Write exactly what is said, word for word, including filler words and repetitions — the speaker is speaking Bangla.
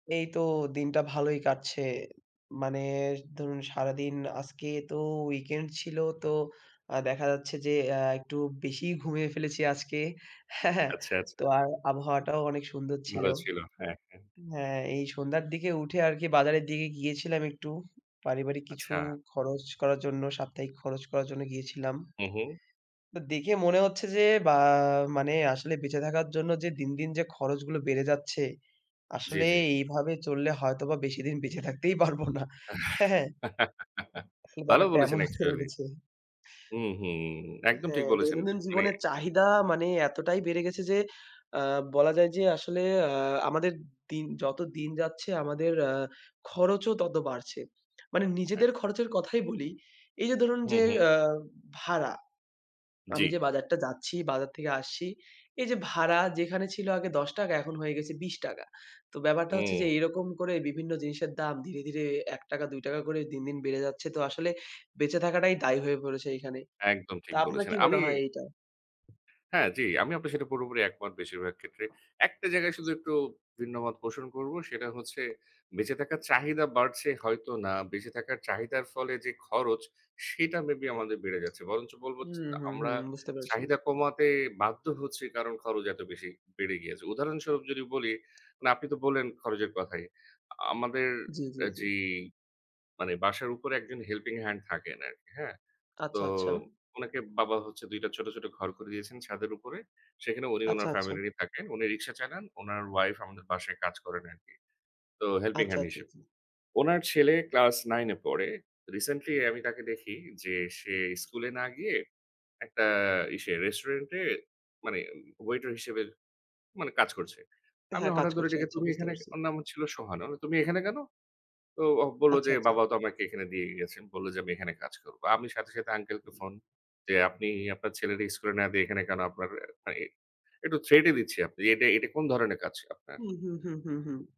এই তো দিনটা ভালোই কাটছে। মানে ধরুন সারাদিন আজকে তো weekend ছিল তো আ দেখা যাচ্ছে যে, অ্যা একটু বেশিই ঘুমিয়ে ফেলেছি আজকে। হ্যাঁ, হ্যাঁ, আচ্ছা, আচ্ছা। তো আর আবহাওয়াটাও অনেক সুন্দর ছিল। ভালো ছিল। হ্যাঁ, হ্যাঁ। হ্যাঁ, এই সন্ধ্যার দিকে উঠে আর কি বাজারের দিগে গিয়েছিলাম একটু পারিবারিক কিছু আচ্ছা। খরচ করার জন্য সাপ্তাহিক খরচ করার জন্য গিয়েছিলাম। হু, হু। তো দেখে মনে হচ্ছে যে, বা মানে আসলে বেঁচে থাকার জন্য যে, দিন, দিন যে, খরচগুলো বেড়ে যাচ্ছে জি, আসলে জি। এইভাবে চললে হয়তোবা বেশিদিন বেঁচে থাকতেই পারবো না। হ্যাঁ, হ্যাঁ। আসলে ভালো ব্যাপারটা বলেছেন, এমন হয়ে actually উঠেছে। হুম, হুম, একদম ঠিক হ্যাঁ, বলেছেন। দৈনন্দিন উম মানে। জীবনের চাহিদা মানে এতটাই বেড়ে গেছে যে, আ বলা যায় যে, আসলে আ আমাদের দিন যত দিন যাচ্ছে আমাদের আ খরচও তত বাড়ছে। মানে হ্যাঁ। নিজেদের খরচের কথাই বলি। এই যে, ধরুন হু, যে, হুম। আ ভাড়া। আমি যে, জি। বাজারটা যাচ্ছি বাজার থেকে আসছি এই যে, ভাড়া যেখানে ছিল আগে দশ টাকা এখন হয়ে গেছে বিশ টাকা তো ব্যাপারটা হচ্ছে যে, উম এরকম করে বিভিন্ন জিনিসের দাম ধীরে, ধীরে এক টাকা দুই টাকা করে দিন, দিন বেড়ে যাচ্ছে তো আসলে বেঁচে থাকাটাই দায় হয়ে পড়েছে এইখানে। একদম তো ঠিক আপনার বলেছেন। কি আমি মনে হয় এইটা? হ্যাঁ, জি, আমি আপনার সেটা পুরোপুরি একমত বেশিরভাগ ক্ষেত্রে। একটা জায়গায় শুধু একটু ভিন্নমত পোষণ করব। সেটা হচ্ছে বেঁচে থাকার চাহিদা বাড়ছে হয়তো না। বেঁচে থাকার চাহিদার ফলে যে, খরচ সেটা মেবি আমাদের বেড়ে যাচ্ছে। বরঞ্চ বলবো হু, যে হুম, হু আমরা বুঝতে পেরেছি। চাহিদা কমাতে বাধ্য হচ্ছি কারণ খরচ এত বেশি বেড়ে গিয়েছে। উদাহরণস্বরূপ যদি বলি, মানে আপনি তো বললেন খরচের কথাই। আমাদের জি, জি, অ্যা জি। যেই, মানে বাসার উপরে একজন helping hand থাকেন আরকি হ্যাঁ। তো আচ্ছা, আচ্ছা। উনাকে বাবা হচ্ছে দুই টা ছোট, ছোট ঘর করে দিয়েছেন ছাদের উপরে। সেখানে উনি আচ্ছা, উনার আচ্ছা। ফ্যামিলি নিয়ে থাকেন। উনি রিক্সা চালান। উনার উইফ আমাদের বাসায় কাজ করেন আরকি। তো helping আচ্ছা, hand আচ্ছা, হিসেব। আচ্ছা। উনার ছেলে ক্লাস nine এ পড়ে। recently আমি তাকে দেখি যে, সে স্কুলে না গিয়ে একটা ইসে রেস্টুরেন্ট এ মানে ওয়েটার হিসেবে মানে কাজ করছে। আমি হ্যাঁ, কাজ হঠাৎ ধরে করছে। ডেকে, আচ্ছা তুমি বুঝতে এখানে কে পারছি। ওর নাম হচ্ছিলো ছিল সোহান। "ওরে তুমি এখানে কেন?" তো ও বললো আচ্ছা, যে, আচ্ছা। "বাবাও তো আমাকে এখানে দিয়ে গেছেন।" বলল যে, "আমি এখানে কাজ করব।" আমি সাথে, সাথে আঙ্কেলকে ফোন যে, "আপনি আপনার ছেলে রে স্কুলে না দিয়ে এখানে কেন? আপনার অ্যা একটু থ্রেটই দিচ্ছি, আপনি এটা, এটা কোন ধরনের কাজ আপনার?" হুম, হুম, হুম, হুম, হুম।